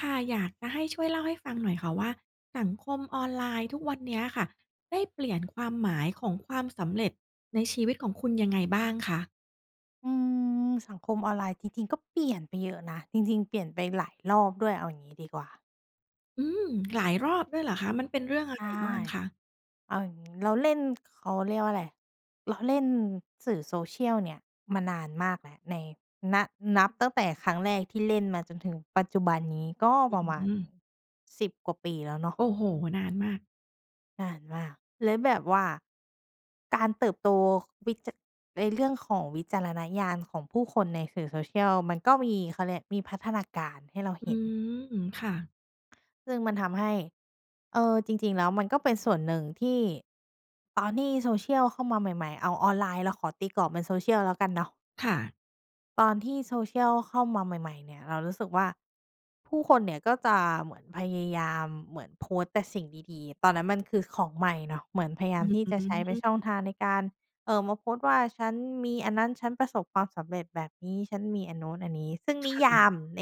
ค่ะ อยากจะให้ช่วยเล่าให้ฟังหน่อยค่ะว่า สังคม ออนไลน์ทุกวันนี้ค่ะ ได้เปลี่ยนความหมายของความสำเร็จในชีวิตของคุณยังไงบ้างคะ? อืม สังคมออนไลน์จริง ๆ ก็เปลี่ยนไปเยอะนะ จริง ๆ เปลี่ยนไปหลายรอบด้วยเอาอย่างนี้ดีกว่า อืม หลายรอบด้วยเหรอคะ มันเป็นเรื่องอใะชไร่ บ้างคะ? เอาอย่างนี้ เราเล่น เขาเรียกว่าอะไร เราเล่นสื่อ Social เนี่ย มานานมากแล้วใน น นับตั้งแต่ครั้งแรกที่เล่นมาจนถึงปัจจุบันนี้ ก็อประมาณ ืม 10 กว่าปีแล้วเนาะ โอ้โฮ! นานมาก นานมาก แล้วแบบว่าการเติบโต ค วิจา ในเรื่องของวิจารณญาณของผู้คน ในสื่อ Social มันก็มี เขาเรียกมีพัฒนาการให้เราอเืห็น ม ค่ะ ซึ่งมันทำให้ เออ จริง ๆ แล้วมันก็เป็นส่วนหนึ่งที่ ตอนที่ Social เข้ามาใหม่ ๆ เอา ออนไลน์ เราขอตีกรอบเป็น Social แล้วกันเนาะ ค่ะ ตอนที่ Social ข้ามาใหม่ ๆ เนี่ยเรารู้สึกว่า ผู้คนเนี่ย ก็จะเหมือนพยายามเหมือน โพสต์แต่สิ่งดี ๆ ตอนนั้นมันคือของใหม่เนาะ เหมือนพยายาอมืที่จะใช้ม เป็นช่องทางในการ เอ่อ มาโพสต์ว่า "ฉันมีอันนั้น ฉันประสบความสำเร็จแบบนี้ ฉันมีอันนู้นอันนี้" ซึ่งคนิ่ะ ยอืามม ใน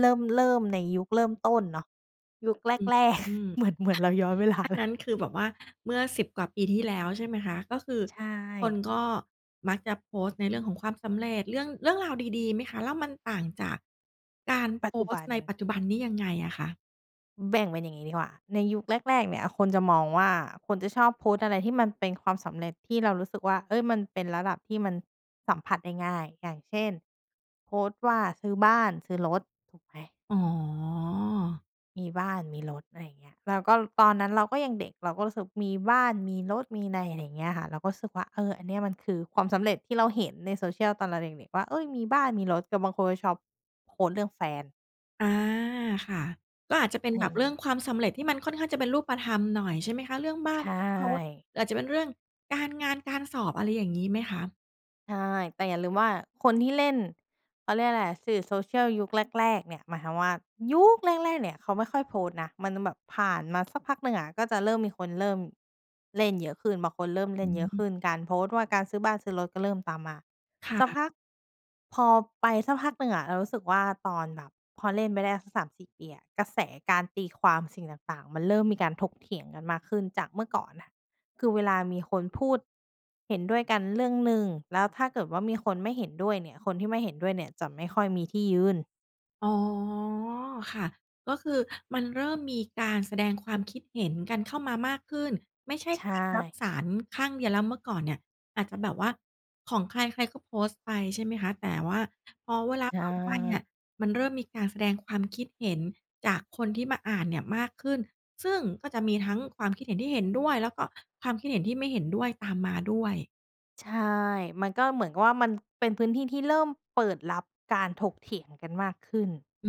เริ่ม เริ่ม ในยุคเริ่มต้นเนาะ ยุคแรก อแรก ืม เหมือน เหมือน เราย้อน เวลาอันเลนย ั้นคือแบบว่าเมื่อ 10 กว่าปีที่แล้ว ใช่ไหมคะ ก็คือใชคน่ ก็มักจะโพสต์ในเรื่องของความสำเร็จ เรื่อง เรื่องราวดี ๆ ไหมคะ แล้วมันต่างจากการปโัพจจุสบตั์น ในปัจจุบันนี้ยังไงอะคะ? อ แบ่งเป็นอย่างงี้ดีกว่า ในยุคแรก ๆ เนี่ย คน จะมองว่า คนจะชอบโพสต์อะไรที่มันเป็นความสำเร็จ ที่เรารู้สึกว่า เฮ้ย มันเป็นระดับที่มันสัมผัสได้ง่าย อย่างเช่น โพสต์ว่าซื้อบ้าน ซื้อรถ ถูกไหม? อ๋อ มีบ้าน มีรถ อะไรอย่างเงี้ย แล้วก็ตอนนั้นเราก็ยังเด็ก เราก็รู้สึกมีบ้าน มีรถ มีใน อะไรอย่างเงี้ยค่ะ เราก็รู้สึกว่า เออ อันเนี้ยมัน คือความสำเร็จที่เราเห็นใน Social ตอนเราเด็ก ๆ ว่า "เฮ้ย มีบ้าน มีรถ" แต่บางคนก็ชอบโพสต์เรื่องแฟน อา ค่ะ ก็อาจจะเป็นอะไรแบอย่บางเรงื่ีอ้ งความสำเร็จที่มันค่อนข้างจะเป็นรูปธรรมหน่อยใช่ไหมคะ เรื่องบ้าใชน เรื่องรถ ่ หรืออาจจะเป็นเรื่องการงาน การสอบ อะไรอย่างงี้ไหมคะ? ใช่ แต่อย่าลืมว่าคน ที่เล่น เขาเรียกไรอะ สื่อ Social ยุคแรก ๆ เนี่ย หมายความว่ายุคแรก ๆ เนี่ยเขาไม่ค่อยโพสต์นะ มันจะแบบผ่านมาสักพักหนึ่งอะก็จะเริ่มมีคนเริ่มเล่นเยอะขึ้น บางคนเริ่มเลอ่นืเยอะขม ึ้น การโพสต์ว่าการซื้อบ้าน ซื้อรถ ก็เริ่มตามมา ค่สักะ พัก พอไปสักพักหนึ่งอะเรารู้สึกว่าตอนแบบ พอเล่นไปได้สัก 3-4 ปีอะ กระแสการตีความสิ่งต่าง ๆ มันเริ่มมีการถกเถียงกันมากขึ้นจากเมื่อก่อนอะ คือเวลามีคน พูดเห็นด้วยกันเรื่องหนึ่ง แล้วถ้าเกิดว่ามีคนไม่เห็นด้วยเนี่ย คนที่ไม่เห็นด้วยเนี่ยจะไม่ค่อยมีที่ยืน อ๋อ ค่ะ ก็คือมันเริ่มมีการแสดงความคิดเห็นกันเข้ามามากขึ้น ไม่ใช่ ใชการรับ่ สารข้างเดียวแล้ว เมื่อก่อนเนี่ยอาจจะแบบว่า ของใครใครก็โพสต์ไปใช่ไหมคะ แต่ว่าพอเวลาใชผ่านไปเนี่ย่ มันเริ่มมีการแสดงความคิดเห็นจากคนที่มาอ่านเนี่ยมากขึ้น ซึ่งก็จะมีทั้งความคิดเห็นที่เห็นด้วย แล้วก็ความคิดเห็นที่ไม่เห็นด้วย ตามมาด้วย ใช่ มันก็เหมือนกับว่ามันเป็นพื้นที่ที่เริ่มเปิดรับการถกเถียงกันมากขึ้น อื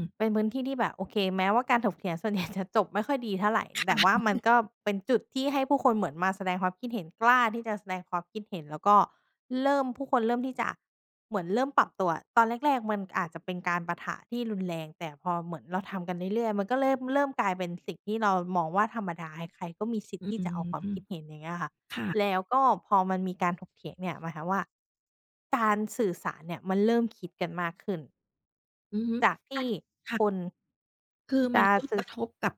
ม เป็นพื้นที่ที่แบบ โอเค แม้ว่าการถกเถียงส่วนใหญ่จะจบไม่ค่อยดีเท่าไร ค่ะ แต่ว่าอือมัฮนึ ก็เป็นจุดที่ให้ผู้คนเหมือนมาแสดงความคิดเห็น กล้าที่จะแสดงความคิดเห็น แล้วก็เริ่ม ผู้คนเริ่มที่จะเหมือนเริ่มปรับตัวอะ ตอนแรก ๆ มันอาจจะเป็นการปะทะที่รุนแรง แต่พอเหมือนเราทำกันเรื่อย ๆ มันก็เริ่ม เริ่มกลายเป็นสิ่งที่เรามองว่าธรรมดา ใคร ๆ ก็มีสิทธอิื์ที่จะออกความม คิดเห็น อย่างเงี้ยค่ะ ค่ะ แล้วก็พอมันมีการถกเถียงเนี่ย หมายความว่าการสื่อสารเนี่ยมันเริ่มคิดกันมากขึ้น อือฮึ จากทคีัน ่ค่ะ คน คือจมัะน ก็สื่กอ ระทบกับ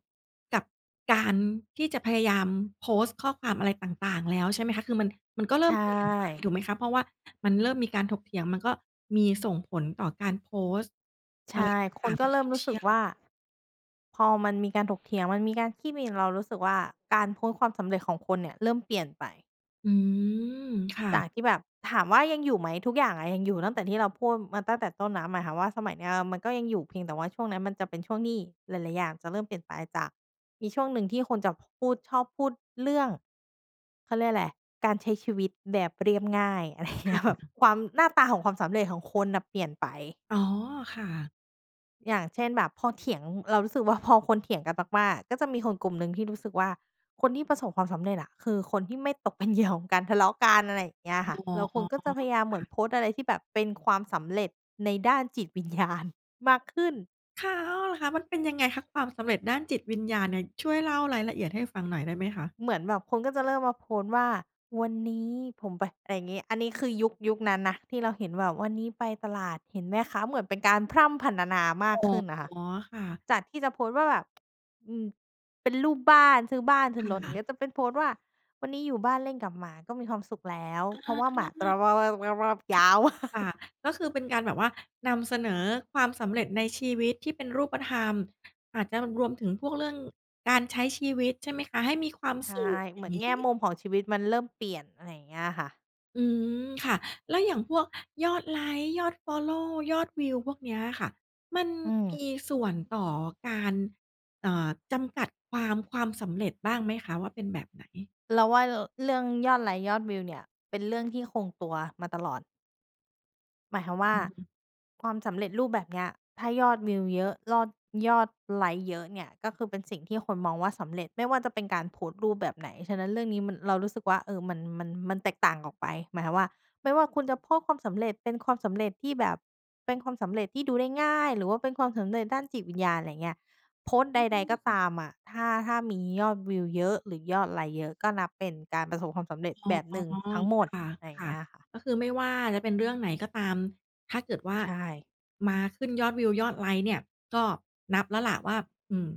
กับการที่จะพยายามโพสต์ข้อความอะไรต่าง ๆ แล้วใช่ไหมคะ คือมัน มันก็เรใชิ่ม เปลี่ยนไป่ ถูกไหมคะ เพราะว่ามันเริ่มมีการถกเถียง มันก็มีส่งผลต่อการโพสต์ ใชอะไร่ ตค่นาง กๆ ็บเน ริ่มรู้สึกSocial ว่า พอมันมีการถกเถียง มันมีการขี้วีน เรารู้สึกว่าการโพสต์ความสำเร็จของคนเนี่ยเริ่มเปลี่ยนไป อืม ค่จะ ากที่แบบ ถามว่ายังอยู่ไหม ทุกอย่างอะยังอยู่ ตั้งแต่ที่เราพูดมาตั้งแต่ต้นน้ำ หมายความว่าสมัยเนี้ยอะมันก็ยังอยู่ เพียงแต่ว่าช่วงนั้นมันจะเป็นช่วงที่หลาย ๆ อย่างจะเริ่มเปลี่ยนไป จากมีช่วงหนึ่งที่คนจะพูด ชอบพูดเรื่อง เขาเรียกอะไร การใช้ชีวิตแบบเรียบง่าย อะไรคเงี่้ย แบบะ ความ หน้าตาของความสำเร็จของคนน่ะเปลี่ยนไป อ๋อ ค่ะ อย่างเช่น แบบพอเถียง เรารู้สึกว่าพอคนเถียงกันมาก ๆ ก็จะมีคนกลุ่มหนึ่งที่รู้สึกว่า คนที่ประสบความสำเร็จน่ะ คือคนที่ไม่ตกเป็น เหยื่อ ของการทะเลาะกัน อะไรอย่างเงี้ยอค่ะ ๋อ แล้วคนก็จะพยายามเหคมื่ะ อนโพสต์อะไรที่แบบเป็นความสำเร็จในด้านจิต วิญญาณ มากขึ้น ค่ะ อ้อ เหรอคะ? มันเป็นยังไงคะ ความสำเร็จด้านจิต วิญญาณเนี่ย ช่วยเล่ารายละเอียดให้ฟังหน่อยได้ไหมคะ? เหมือนแบบคนก็จะเริ่มมาโพสต์ว่า "วันนี้ผมไป" อะไรอย่างงี้ อันนี้คือยุค ยุคนั้นนะที่เราเห็นแบบ "วันนี้ไปตลาดเห็นแม่ค้า" เหมือนเป็นการพร่ำพรรณนามาอก๋อ ขึ้นน่ะค่ะ ค่ะ จากที่จะโพสต์ว่า แบบ อืม เป็นรูปบ้าน ซื้อบ้าน ซื้คอรถ อย่่างงะ ี้ ก็จะเป็นโพสต์ว่า วันนี้อยู่บ้านเล่นกับหมาก็มีความสุขแล้ว อา เพครา่ะ ะว่าหมาจะ [unintelligible] ยาว ค่ะ ก็คือเป็นการแบบว่านำเสนอความสำเร็จในชีวิตที่เป็นรูปธรรม อาจจะรวมถึงพวกเรื่องการใช้ชีวิตใช่ไหมคะ? ให้มีความใช่ สุข อเยห่มาืองนงแีง่้ มุมของชีวิตมันเริ่มเปลี่ยน อะไรอย่างเงี้ยอะค่ะ อืม ค่ะ แล้วอย่างพวกยอดไลก์ ยอดฟอลโลว์ ยอดวิว พวกเนี้ยอะค่ะ มันอืมีม ส่วนต่อการ เอ่อ จำกัดความ ความสำเร็จบ้างไหมคะว่าเป็นแบบไหน? เราว่า ร เรื่อง ยอดไลก์ ยอดวิวเนี่ย เป็นเรื่องที่คงตัวมาตลอด หมายความว่าอืม ความสำเร็จรูปแบบเนี้ย ถ้ายอดวิวเยอะ รอด ยอดไลก์เยอะเนี่ย ก็คือเป็นสิ่งที่คนมองว่าสำเร็จ ไม่ว่าจะเป็นการโพสต์รูปแบบไหน ฉะนั้นเรื่องนี้มัน เรารู้สึกว่า เออ มัน มัน มันแตกต่างออกไป หมายความว่า ไม่ว่าคุณจะโพสต์ความสำเร็จ เป็นความสำเร็จที่แบบ เป็นความสำเร็จที่ดูได้ง่าย หรือว่าเป็นความสำเร็จด้านจิตวิญญาณ อะไรอย่างเงี้ย โพสต์อใืด ๆ ก็ตม ามอะ ถ้า ถ้ามียอดวิวเยอะ หรือยอดไลก์เยอะ ก็นับเป็นการประสบความสำเร็จอ๋อ แบบหนึ่งทั้งหมด ค่ะ อะไรอย่คางเ่งะ ี้ยอะค่ะ ก็คือไม่ว่าจะเป็นเรื่องไหนก็ตาม ถ้าเกิดว่าใช่ มาขึ้นยอดวิว ยอดไลก์เนี่ย ก็นับแล้วแหละว่า อืม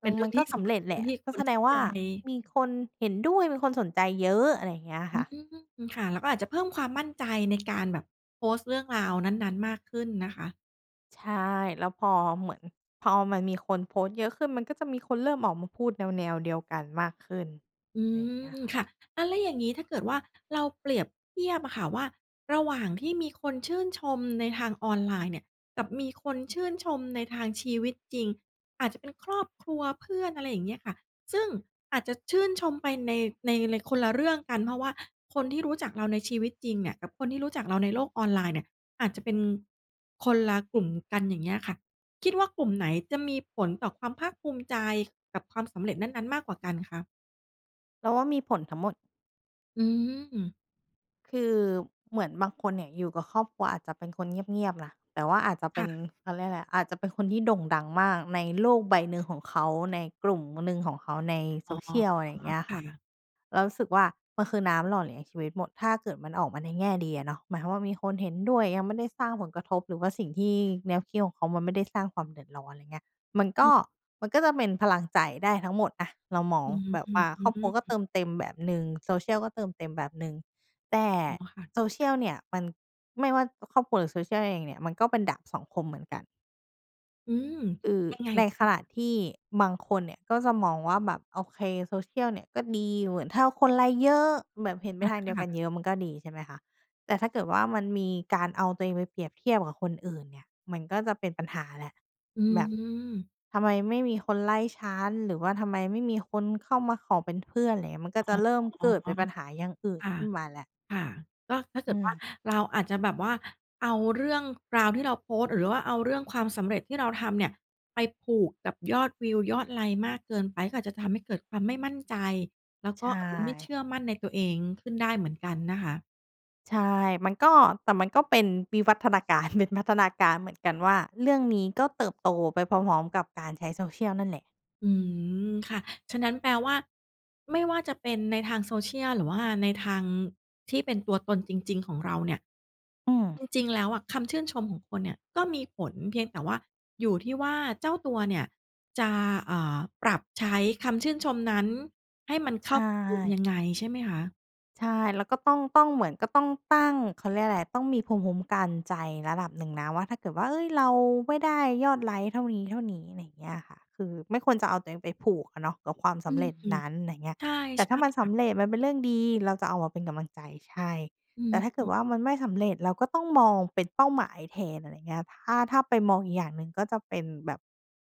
อเปื็นม เรื่มัองนทก็ี่สสำำเรเร็จ ็จเแรืห่ลองะ ที่ก็คแน สเดข้งาวใ่จ ามีคนเห็นด้วย มีคนสนใจเยอะ อะไรอย่างเงี้ยอคื่ะ ม ค่ะ แล้วก็อาจจะเพิ่มความมั่นใจในการแบบโพสต์เรื่องราวนั้น ๆ มากขึ้นนะคะ ใช่ แล้วพอเหมือน พอมันมีคนโพสต์เยอะขึ้น มันก็จะมีคนเริ่มออกมาพูดแนว ๆ เดียวกันมากขึ้น อืไรอย่างเงี้ยม ค่ะ ค่ะ อา แล้วอย่างนี้ถ้าเกิดว่าเราเปรียบเทียบอะค่ะ ว่าระหว่างที่มีคนชื่นชม ในทางออนไลน์เนี่ย กับมีคนชื่นชมในทางชีวิตจริง อาจจะเป็น ครอบครัว เพื่อน อะไรอย่างเงี้ยค่ะ ซึ่งอาจจะชื่นชมไปใน ในไร คนละเรื่องกัน เพราะว่าคนที่รู้จักเราในชีวิตจริงเนี่ย กับคนที่รู้จักเราในโลกออนไลน์เนี่ยอาจจะเป็นคนละกลุ่ม กัน อย่างเงี้ยค่ะ คิดว่ากลุ่มไหนจะมีผลต่อความภาคภูมิใจ กับความสำเร็จนั้น ๆ มากกว่ากันคะ? เราว่ามีผลทั้งหมด อืม คือเหมือนบางคนเนี่ยอยู่กับครอบครัวอาจจะเป็นคน เงียบ ๆ นะ แต่ว่าอาจจะเปค็่น ะ เขาเรียกไรอะ อาจจะเป็นคนที่โด่งดังมากในโลกใบหนึ่งของเขา ในกลุ่ม ม หนึ่งของเขา ใน อ๋อ Social ไรเงี้ยคค่่ะ ะ เรารู้สึกว่ามันคือน้ำหล่อเลี้ยงชีวิตหมด ถ้าเกิดมันออกมาในแง่ดีอะเนาะ หมายความว่ามีคนเห็นด้วย ยังไม่ได้สร้างผลกระทบ หรือว่าสิ่งที่ แนวคิดของเขามันไม่ได้สร้างความเดือดร้อน ไรเงี้ย มันกอ็ ืม มันก็จะเป็นพลังใจได้ทั้งหมดอะ เรามอองืแบบว่าครอบครัวก็เม ติมเต็มแบบหนึ่ง Social ก็เติมเต็มแบบหนึ่ง แต่ อ๋อ ค่ะ Social เนี่ย มัน ไม่ว่าครอบครัว หรือ Social เองเนี่ย มันก็เป็นดาบสองคมเหมือนกัน อืม เออ ยังไง ในขณะที่บางคนเนี่ยก็จะมองว่าแบบ โอเค Social เนี่ยก็ดี เหมือนถ้าคนไลก์เยอะ แบบเห็นไปอา ทางคเดียว่กะ ัน เยอะมันก็ดี ใช่ไหมคะ แต่ถ้าเกิดว่ามันมีการเอาตัวเองไปเปรียบเทียบกับคนอื่นเนี่ย มันก็จะเป็นปัญหาแหละ อืแบบ ม "ทำไมไม่มีคนไลก์ฉัน? หรือว่าทำไมไม่มีคนเข้ามาขอเป็นเพื่อน?" อะไรอย่างเงี้ย มันก็อจ๋ะอ เริ่มเกิดเป็นปัญหาอย่างอื่นค่ะ ขึ้นมาแล้ว ค่ะ ก็ถ้าเกอืิดว่า ม เราอาจจะแบบว่าเอาเรื่องราวที่เราโพสต์ หรือว่าเอาเรื่องความสำเร็จที่เราทำเนี่ยไปผูกกับ ยอดวิว ยอดไลก์มากเกินไป ก็อาจจะทำให้เกิดความไม่ มั่นใจ แล้วใชก็ ่ ไม่เชื่อมั่นในตัวเองขึ้นได้เหมือนกันนะคะ ใช่ มันก็ แต่มันก็เป็นวิวัฒนา การ เป็นพัฒนาการเหมือน กันว่า เรื่องนี้ก็เติบโตไปพร้อม ๆ กับการใช้ Social นั่นแหละ อืม ค่ะ ฉะนั้นแปลว่าไม่ว่าจะเป็นในทาง Social หรือว่าในทางที่เป็นตัวตนจริง ๆ ของเราเนี่ย อืจม ริง ๆ แล้วอะ คำชื่นชมของคนเนี่ยก็มีผล เพียงแต่ว่าอยู่ที่ว่าเจ้าตัวเนี่ยจะ เอ่อ ปรับใช้คำชื่นชมนั้นให้มันเใขช้ากับรู ่ ยังไง ใช่ไหมคะ? ใช่ แล้วก็ต้อง ต้องเหมือน ก็ต้องตั้ง เขาเรียกไรอะ ต้องมีภูมิคุ้มกันใจระดับหนึ่งนะว่า ถ้าเกิดว่า "เฮ้ย เราไม่ได้ยอดไลก์เท่านี้ ๆ" ไรเงี้ยค่ะ คือไม่ควรจะเอาตัวเองไปผูกอะเนาะกับความสอืำเร็จนม ั้น ไรเงี้ย ใช่ แต่ใชถ้่ามันคส่ะ ำเร็จ มันเป็นเรื่องดี เราจะเอามาเป็นกำลังใจ ใช่ อแืต่ถ้าเกิดม ว่ามันไม่สำเร็จ เราก็ต้องมอง เป็นเป้าหมายแทน อะไรเงี้ย ถ้า ถ้าไปมองอีกอย่างหนึ่งก็จะเป็นแบบ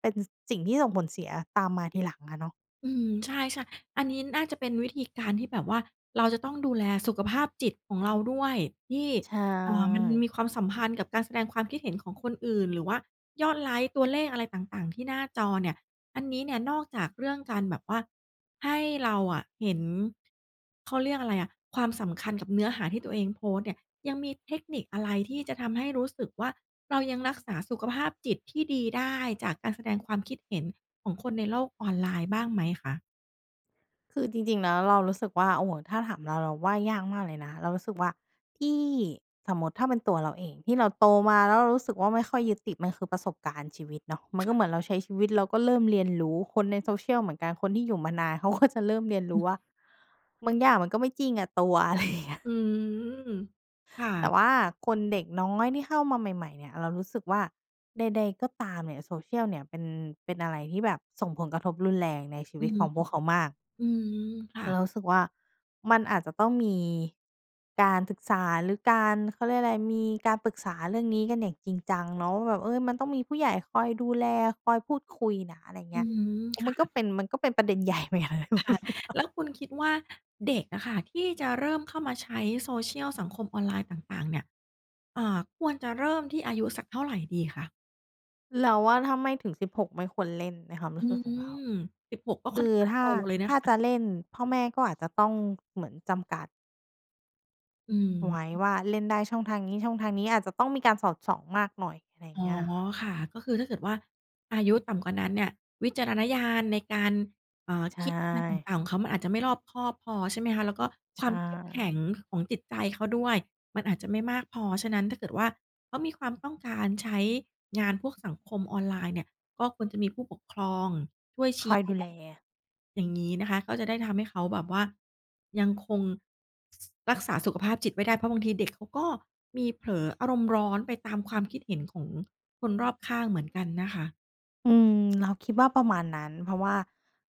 เป็น ส สิ่งที่ส่งผลเสียตามมาทีหลังอะเนาะ อืม ใช่ ๆ อันนี้น่าจะเป็นวิธีการที่แบบว่าเราจะต้องดูแลสุขภาพจิตของ เราด้วย ที่ ใชเอ่อ มัน่ มีความสัมพันธ์กับการแสดงความคิดเห็นของคนอื่น หรือว่ายอดไลก์ ตัวเลขอะไรต่าง ๆ ที่หน้าจอเนี่ย อันนี้เนี่ยนอกจากเรื่องการแบบว่าให้เราอะเห็น เขาเรียกอะไรอะ ความสำคัญกับเนื้อหาที่ตัวเองโพสต์เนี่ย ยังมีเทคนิคอะไรที่จะทำให้รู้สึกว่า เรายังรักษาสุขภาพจิตที่ดีได้ จากการแสดงความคิดเห็นของคนในโลก ออนไลน์บ้างไหมคะ? คือจริง ๆ แล้วเรารู้สึกว่า โอ้โฮ ถ้าถามเรา เราว่ายากมากเลยนะ เรารู้สึกว่าที่ สมมติถ้าเป็นตัวเราเอง ที่เราโตมาแล้วเรารู้สึกว่าไม่ค่อยยึดติด มันคือประสบการณ์ชีวิต เนาะ มันคก็่เหมืะ อนเราใช้ชีวิตแล้วก็เริ่มเรียนรู้ คนใน Social เหมือนกัน คนที่อยู่มานานเขาก็จะเริ่มเรียนรู้ว่า "บางอย่างมันก็ไม่จริงอะตัว" อะไร อย่างเงี้ย อืม ค่แตะ ่ว่าคน เด็กน้อยที่เข้ามาใหม่ ๆ เนี่ย เรารู้สึกว่า ใด ๆ ก็ตามเนี่ย Social เนี่ยเป็น เป็น อะไรที่แบบส่งผลกระทบรุนแรงในชีอวืิตม ของพวกเขามาก อืม ค่ะ เรารู้สึกว่ามันอาจจะต้องมีการศึกษา หรือการ เขาเรียกไร มีการปรึกษาเรื่องนี้กันอย่างจริงจัง เนาะว่าแบบ เออ มันต้องมีผู้ใหญ่คอยดูแล คอยพูดคุยนะ อะไรเอืงี้ย ม โอ้ คม่ันก็ะ เป็น มันก็เป็นประเด็น ใหญ่เหมือนกันนะถ้าคพู่ดะ ถึงอะ แล้วคุณคิดว่าเด็กอะค่ะ ที่จะเริ่มเข้ามาใช้ Social สังคม ออนไลน์ต่าง ๆ เนี่ย เอ่อ ควรจะเริ่มที่อายุสักเท่าไรดีคะ? เราว่าถ้าไม่ถึง 16 ไม่ควร เล่น ในความรอูื้สึกของม เรา 16 ก็คค่อืนอข้างถ้โตา เลยนถะ้าคะ จะเล่นพ่อแม่ก็อาจจะต้องเหมือนจำกัด อืม ไว้ว่าเล่นได้ช่องทางนี้ ๆ อาจจะต้องมีการสอดส่องมากหน่อย ไรอ๋อ เงี้ยค่ะ ค่ะ ก็คือถ้าเกิดว่าอายุต่ำกว่านั้นเนี่ยวิจารณญาณในการ เอ่อ ใชคิดอะไรต่ ่าง ๆ ของเขามันอาจจะไม่รอบคอบพอใช่ไหมคะ แล้วก็ใคชวามเข้มแข็่ งของจิตใจเขาด้วย มันอาจจะไม่มากพอ ฉะนั้นถ้าเกิดว่าเขามีความต้องการใช้ งานพวกสังคมออนไลน์เนี่ย ก็ควรจะมีผู้ปกครองช่วยชคี้อยแนดูแล ะ อย่างงี้นะคะ ก็จะได้ทำให้เขาแบบว่ายังคง รักษาสุขภาพจิตไว้ได้ เพราะบางทีเด็กเขาก็มีเผลออารมณ์ร้อนไปตามความคิดเห็นของคนรอบข้างเหมือนกันนะคะ อืม เราคิดว่าประมาณนั้น เพราะว่า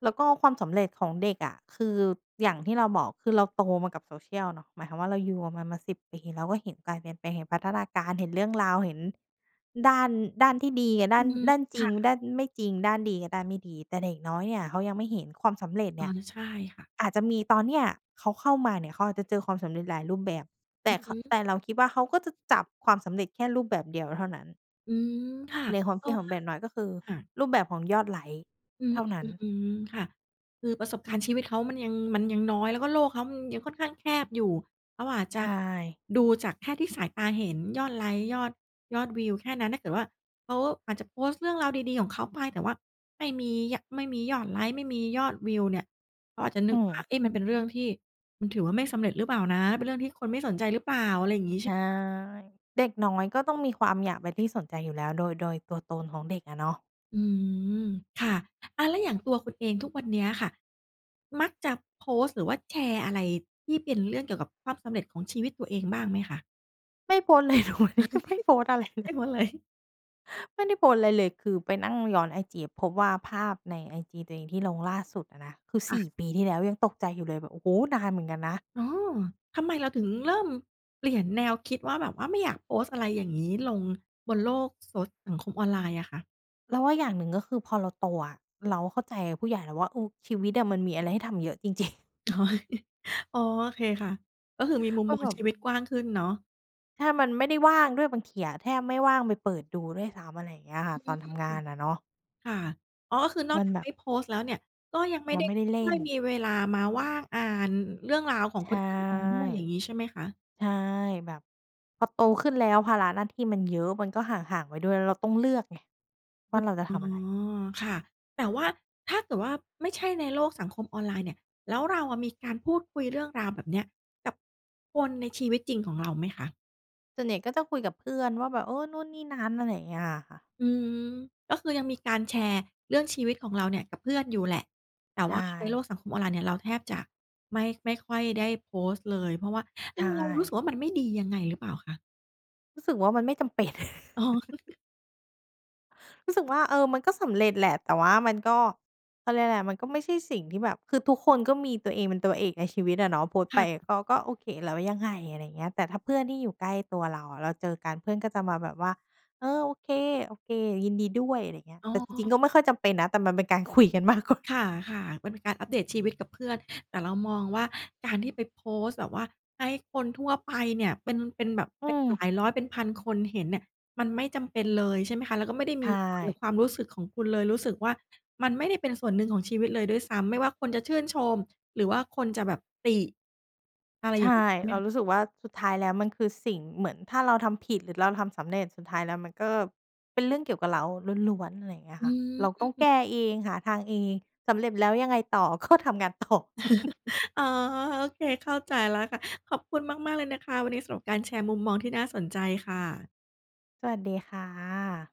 แล้วก็ความสำเร็จของเด็กอะ คืออย่างที่เราบอก คือเราโตมากับ Social เนาะ หมายความว่าเราอยู่มันมา 10 เราก็เห็นการเปลี่ยนแปลง เห็นพัฒนาการ เห็นเรื่องราว เห็นด้าน ด้านที่ดีอะ ด้อาืน ม ด้านจคริ่ง ดะ ้านไม่จริง ด้านดีกับด้านไม่ดี แต่เด็กน้อยเนี่ยเขายังไม่เห็น ความสำเร็จอเ๋นี่อ ย ใช่ค่ะ อาจจะมีตอนเนี่ย เขาเข้ามาเนี่ย เขาอาจจะเจอความสำเร็จหลายรูปแบบ แตอ่ ือข ฮึ แต่เราคิดว่าเขาก็จะจับความสำเร็จแค่รูปแบบเดียวเท่านั้น อืม ค่ะ ในความเพคริาดะขวอง่า เด็กน้อยก็คือค่ะ รูปแบบของยอดไลก์อืเม ท่านั้อน ืม ๆ ค่ะ คือประสบการณ์ชีวิตเขามันยัง มันยังน้อย แล้ว ก็โลกเขามันยังค่อนข้างแคบอยู่ เขาอาจใจชะ่ ดูจากแค่ที่สายตาเห็น ยอดไลก์ ยอด ยอดวิวแค่นั้น ถ้าเกิดว่าเขาอาจจะโพสต์เรื่อง ราวดี ๆ ของเขาไป แต่ว่าไม่มี ย ไม่มียอดไลก์ ไม่มียอดวิวเนี่ย เขาอาจจะนอึืกม ว่า เอ๊ะ มันเป็นเรื่องที่ มันถือว่าไม่สำเร็จหรือเปล่านะ เป็นเรื่องที่คนไม่สนใจหรือเปล่า อะไรอย่างงี้ ใใชช่่ ไหมคะ? เด็กน้อยก็ต้องมีความอยากเป็นที่ สนใจอยู่แล้ว โดย โดยตัวตนของเด็กอะเนาะ อืม ค่ะ อา อะแล้วอย่างตัวคุณเอง ทุกวันเนี้ยค่ะมักจะโพสต์หรือว่าแชร์อะไรที่เป็นเรื่องเกี่ยวกับความสำเร็จของชีวิตตัวเองบ้างไหมคะ? ไม่โพสต์ เลย ทุกวันนี้ยังไม่โพสต์อะไรเไดล้ย หมดเลย ไม่ได้โพสต์ไรเลย คือไปนั่งย้อนไอจีอะพบว่าภาพในไอจีตัวเองที่ลงล่าสุดอะนะ คือ คส่ะ ี่ ปีที่แล้ว ยังตกใจอยู่เลยแบบ โอ้โฮ! นานเหมือนกันนะ อ๋อ ทำไมเราถึงเริ่มเปลี่ยนแนวคิดว่าแบบว่าไม่อยากโพสต์อะไรอย่างงี้ลงบนโลกโซ สังคมออนไลน์อะค่ะ? เราว่าอย่างหนึ่ง ก็คือพอเราโตอะ เราเข้าใจผู้ใหญ่แล้วว่า เออ ชีวิตอะมันมีอะไรให้ทำเยอะจริง ๆ อ๋อ อ๋อ โอเคค่ะ ก็คือมีมุมก็มอแงบบ ชีวิตกว้างขึ้นเนาะ ใช่ มันไม่ได้ว่างด้วยบางทีอะ แทบไม่ว่างไปเปิดดูด้วยซ้ำ อะไรอย่างเงี้ยค่อะ ืตอม นทำงานอะเนาะ ค่ะ อ๋อ ก็คือนอมกันจากแบไมบ ่โพสต์แล้วเนี่ย ก็ยังไม่มัไนด้ ไม่ได้เลค่่อน ยมีเวลามาว่างอ่านเรื่องราวขอใงชค่ นอื่นมาด้วย อย่างงี้ใช่ไหมคะ? ใช่ แบบพอโตขึ้นแล้วภาระหน้าที่มันเยอะ มันก็ห่าง ๆ ไปด้วย แล้วเราต้องเลือกไงว่อาเราจะท๋อ ำอะไร ค่ะ แต่ว่าถ้าเกิดว่าไม่ใช่ในโลกสังคมออนไลน์เนี่ย แล้วเราอะมีการพูดคุยเรื่องราวแบบนี้กับคนในชีวิตจริงของ เราไหมคะ? ส่วนใหญ่ก็จะคุยกับเพื่อนว่าแบบ เออ นู่นนี่นั้น อะไรอย่างเงี้ยอะค่ะ อืม ก็คือยังมีการแชร์เรื่องชีวิตของ เราเนี่ยกับเพื่อนอยู่แหละ แต่ใชว่าในโล่ กสังคมออนไลน์เนี่ยเราแทบจะไม่ ไม่ค่อยได้โพสต์เลย เพราะว่า อใชือ เรารู้สึ่ กว่ามันไม่ดียังไงหรือเปล่าคะ? รู้สึกว่ามันไม่จำเป็น อ๋อ รู้สึกว่า เออ มันก็สำเร็จแหละ แต่ว่ามันก็ เขาเรียกอะไร มันก็ไม่ใช่สิ่งที่แบบ คือทุกคนก็มีตัวเองเป็นตัวเอกในชีวิตอะเนาะ โพสต์คไป่ะ ก็ ก็โอเค แล้ว ยังไง อะไรอย่างเงี้ย แต่ถ้าเพื่อนที่อยู่ใกล้ตัวเราอะ เราเจอกันเพื่อนก็จะมาแบบว่า "เออ โอเค ๆ ยินดีด้วย" อะไรอย่างเงี้ย อ๋แต่จริง อ ๆ ก็ไม่ค่อยจำเป็นนะ แต่มันเป็นการคุยกันมาก กว่า ค่ะ ๆ เป็นการอัปเดตชีวิตกับเพื่อน แต่เรามองว่าการที่ไปโพสต์แบบว่าให้คนทั่วไปเนี่ย เป็น เป็นแบบอืเป็นหลม ายร้อยเป็นพันคนเห็นเนี่ย มันไม่จำเป็นเลยใช่ไหมคะ แล้วก็ไม่ได้ใชมี ่ ความรู้สึกของคุณเลย รู้สึกว่ามันไม่ได้เป็นส่วนหนึ่งของชีวิตเลยด้วยซ้ำ ไม่ว่าคนจะชื่นชม หรือว่าคนจะแบบติ อะไรใชอย่่ างนี้ ใช่ไหเมราคะ? รู้สึกว่าสุดท้ายแล้วมันคือสิ่ง เหมือนถ้าเราทำผิด หรือเราทำสำเร็จ สุดท้ายแล้วมันก็เป็นเรื่องเกี่ยวกับเราล้วน ๆ อะไรอย่างเงี้ยอืค่ะ เราต้องแกม ้เอง หาทางเอง สำเร็จแล้วยังไงต่อ ก็ ทำงาน ต่อ อ๋อ โอเค เข้าใจแล้วค่ะ ขอบคุณมาก ๆ เลยนะคะ วันนี้สำหรับการแชร์มุมมองที่น่าสนใจค่ะ สวัสดีค่ะ